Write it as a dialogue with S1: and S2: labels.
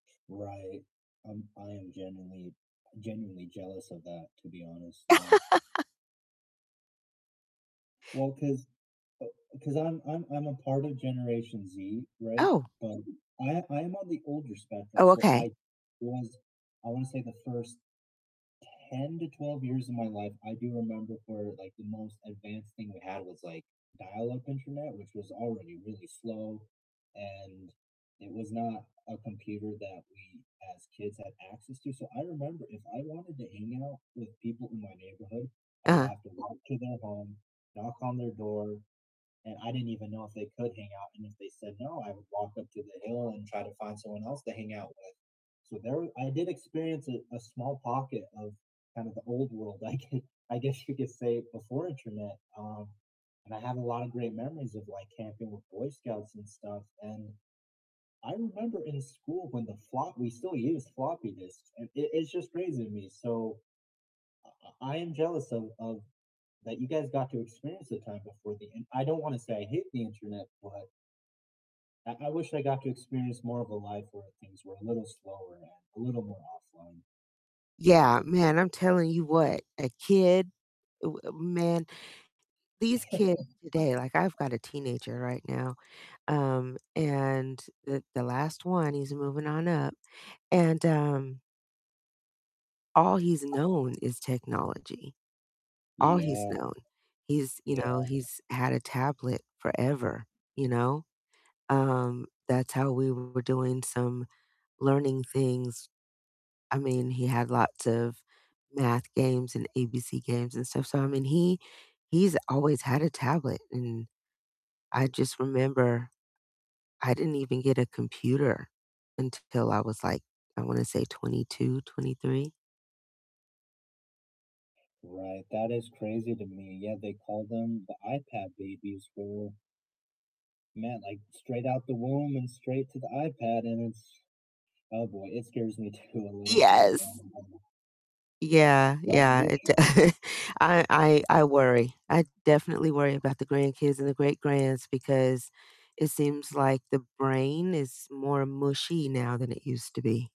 S1: Right, I'm I am genuinely I'm genuinely jealous of that, to be honest. Yeah. Well, 'cause uh, 'cause I'm I'm I'm a part of Generation Z, right?
S2: Oh.
S1: But I I am on the older spectrum,
S2: Oh,
S1: so
S2: okay.
S1: I was I wanna say the first 10 to 12 years of my life, I do remember where like the most advanced thing we had was like dial-up internet, which was already really slow, and it was not a computer that we, as kids, had access to. So I remember if I wanted to hang out with people in my neighborhood, I would
S2: Uh-huh.
S1: have to walk to their home, knock on their door, and I didn't even know if they could hang out, and if they said no, I would walk up to the hill and try to find someone else to hang out with. So there w I did experience a small pocket of kind of the old world, like, I guess you could say before internet, um, and I have a lot of great memories of like camping with Boy Scouts and stuff. And I remember in school when the flop we still used floppy disks. It it's just crazy to me. So I I I am jealous of of that you guys got to experience the time before the in I don't wanna say I hate the internet, but I I wish I got to experience more of a life where things were a little slower and a little more offline.
S2: Yeah, man, I'm telling you what, a kid, uh, uh, man, these kids today, like I've got a teenager right now, um, and the the last one, he's moving on up, and, um all he's known is technology, all he's
S1: Yeah.
S2: known, he's, you
S1: Yeah.
S2: know, he's had a tablet forever, you know? Um, that's how we were doing some learning things. I mean, he had lots of math games and ABC games and stuff. So I mean, he he's always had a tablet, and I just remember I didn't even get a computer until I was like, I wanna say 22, 23.
S1: Right. That is crazy to me. Yeah, they call them the iPad babies for man, like straight out the womb and straight to the iPad, and it's oh boy, it scares me too a little bit.
S2: Yes.
S1: [unintelligible]
S2: Yeah,
S1: I
S2: yeah,
S1: wish.
S2: it d I I I worry. I definitely worry about the grandkids and the great-grands because it seems like the brain is more mushy now than it used to be.